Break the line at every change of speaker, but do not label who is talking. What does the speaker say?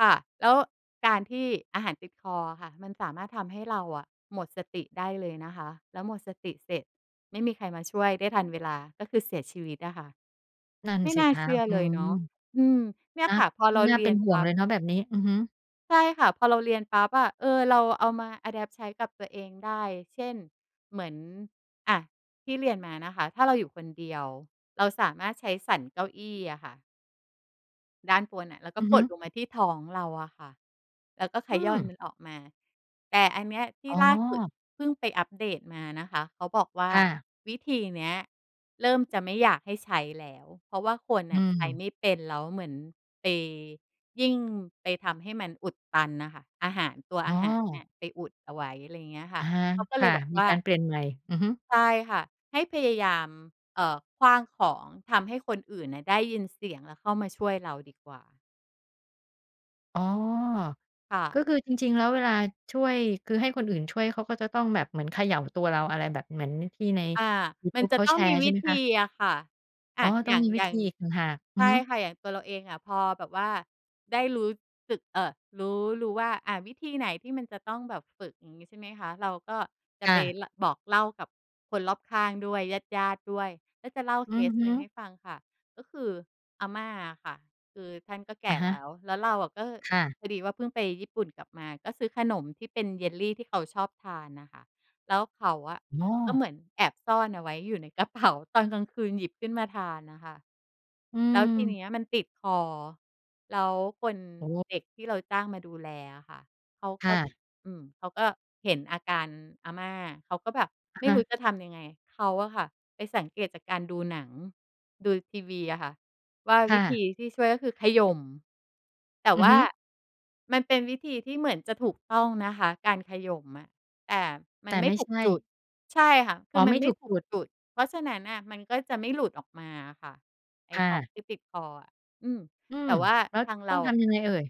ค่ะ แล้วการที่อาหารติดคออะค่ะ มันสามารถทำให้เราอะหมดสติได้เลยนะคะ แล้วหมดสติเสร็จ ไม่มีใครมาช่วยได้ทันเวลา ก็คือเสียชีวิตอะค่ะ
นั่น
ไม่
สิ
น่า
ค
เ
ะ
ชื่อ
อื
เลย
ม
เนาะ อืม เนี่ย
นะ
ค่ะ พอเรา
น่
เ
า
รี
เป็
ย
น
น
ห
ป
่ว
ั
ง
๊
เ
บ
ลยเนาะแบบนี้ อือฮึ
ใช่ค่ะ พอเราเรียนปั๊บอะ เออ เราเอามา อะแดปต์ ใช้กับตัวเองได้ เช่น เหมือน อา ที่เรียนมานะคะ ถ้าเราอยู่คนเดียวเราสามารถใช้สันเก้าอี้อะค่ะ ด้านบนน่ะ แล้วก
อ
็
ือฮ
ก
ึ
ดลงมาที่ท้องเราอะค่ะ แล้วก็ข
อื
ย้อน
ม
มันออกมา แต่อันเนี้ยที่
อ๋
ล่าสุด
อ
เพิ่งไปอัปเดตมานะคะ เขาบอกว่า
ค่ะ
วิธีเนี้ยเริ่มจะไม่อยากให้ใช้แล้ว เพราะว่าคน
อ
น
ื
่ะใช้
ม
ไม่เป็น แล้วเหมือนไป ยิ่งไปทำให้มันอุดตันน่ะค่ะ อาหาร ตัว
อ๋
อาหารน
อ
่ะไปอุดเอาไว้ อะไรอย่างเงี้ยค
อ
่
ะ
ะ
ฮะ
เขาก็
ค
เล
่
ย
ะ
บอก
มี
ว่า
การเปลี่ยน ใหม่ อือฮึ
ใช่ค่ะ ให้พยายาม เอ่อ ขว้างของ ทำให้คนอื่นน่ะได้ยินเสียง แล้วเข้ามาช่วยเราดีกว่า
อ๋อ
ค่
ก็
ะ
คือจริง ๆ แล้วเวลาช่วย คือให้คนอื่นช่วยเขาก็จะต้องแบบเหมือนเขย่าตัวเรา อะไรแบบเหมือนที่ใน
อา
ยู
ม
ท
ั
ู
น
บ
จ
เ
ะ
ขา
ต้
แ
อ
ช
งม
ร
ี
์ใ
ว
ช่
ิ
ไหม
ธ
คะ?
ีอะค่ะ อ
อ๋
า
อ ต้
อ
อ
ย
ง
่าง
มีวิ
อย่
ธ
า
ี
ง
อีกต่างหาก อื
ใช
อฮ
่
ึ
ค่ะ อย่างตัวเราเองอะ พอแบบว่าได้รู้สึก เอ่อ รู้ รู้ว่า อา วิธีไหนที่มันจะต้องแบบฝึก อย่างงี้ใช่ไหมคะ เราก็จ
ค
ะ
่
ไป
ะ
ล บอกเล่ากับคนรอบข้างด้วย ญาติ ๆ ด้วย ก็จะเล่า
อ
เ
ื
ค
อ
ส
ฮ
หนึ่งให
ึ
้ฟังค่ะ ก็คืออาม่าอะค่ะคือท่านก็แก
อะ
่
ฮ
แล
ะ
้ว แล้วเราอะก็
ค่ะ
พอดีว่าเพิ่งไปญี่ปุ่นกลับมา ก็ซื้อขนมที่เป็น Jelly ที่เขาชอบทานน่ะค่ะ แล้วเขาอะ
อ๋
ก็
อ
เหมือนแอบซ่อนเอาไว้อยู่ในกระเป๋า ตอนกลางคืนหยิบขึ้นมาทานน่ะค่ะ
อื
แล้วทีเน
ม
ี้ยมันติดคอ แล้วคน
โอ้โฮ
เด็กที่เราจ้างมาดูแลอะค่ะ เขา
ค
ก
่
็
ะ
อืม เขาก็เห็นอาการอาม่า เขาก็แบบ
อะ
ไม่
ฺฮ
รู้
ะ
จะทำยังไง เขาอะค่ะไปสังเกตุจากการดูหนัง ดูทีวีอะค่ะ ว่า
ค
ว
่
ิธ
ะ
ีที่ช่วยก็คือขย่ม แต่
อื
ว
อ
่
ฮ
า
ึ
มันเป็นวิธีที่เหมือนจะถูกต้องนะคะ การขย่มอะ แต่ม
แต
ั
่
นไม
ไ
่
ม่
ถู
ใช
ก
่
จุด ใช่ค่ะ ค
อ
ื
๋อ
อม
ไ
ั
ม
น
่
ไม
ถ
่
ูก
ถู
จ
ก
ุด
จุด เพราะฉะนั้นน่ะมันก็จะไม่หลุดออกมาอะค่ะไอ้
ค่
ของ
ะ
ที่ติดคออะ อืม
อื
แต
ม
่ว่า
แล้ว
ทาง
ต
เร
้อ
า
งท
อะ
ำยังไงเอ่ย?